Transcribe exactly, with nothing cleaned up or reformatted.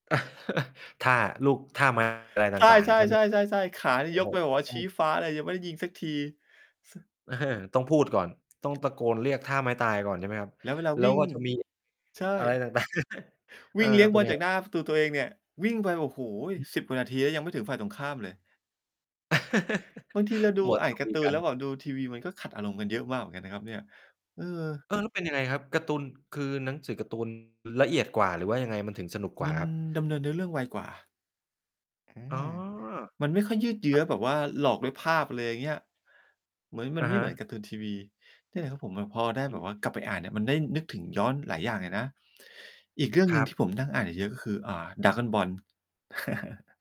ท่าลูก ท่า มหา ลัยตใช่าง ่ ๆ ใช่ไหมครับ? ๆ ๆ ๆ ๆ ขาเนโีอ่้ยยโฮ กไปแบบว่าอืชีม ้ฟ้าเลย ยังไม่ได้ยิงสักที ส เออ ต้องพูดก่อน ต้องตะโกนเรียกท่าไม้ตายก่อนใช่ไหมครับ แล้วเวลาแล้วิว่ง ก็จะมี ใชอะไร ่ ต่าง ๆ วิ่งเลี้ยงเปบ็อนลไงจากหคนร้ับ? าประตูตัวเองเนี่ย วิ่งไป โอ้โฮ สิบ กว่านาทีแล้ว ยังไม่ถึงฝ่ายตรงข้ามเลย บางทีเราดู มัว อแ่ตา่นคการุ์ตย ูกนัแลน ้วแบบดูทีวี มันก็ขัดอารมณ์กันเยอะมากเหมือนกันนะครับเนี่ย เออ เออ แล้วเป็นยังไงครับ การ์ตูน คือหนังสือการ์ ตูน ละเอียดกว่า หรือว่ายังไงมันถึงสนุกกวม่าันครับ? ดำเนินเนื้อเรื่องไวกว่า อือ๋อ ม มันไม่ค่อยยืดเยืค้รัอบ แบบว่าหลอกด้วยภาพ อะไรอย่างเงี้ย เหมือน มัอนะไม่ฮเหมืะ อนการ์ตูนทีวี นี่แหละครับผม แล้วพอได้อแบบืม ว่ากลับไปอ่านเนี่ยมันได้นึกถึงย้อนหลายอย่างเลยนะ อีกเรื่องหคนึ่รงัทีบ ่ผมนั่งอ่านเยอะ ๆ ก็คือ อ่า Dragon Ball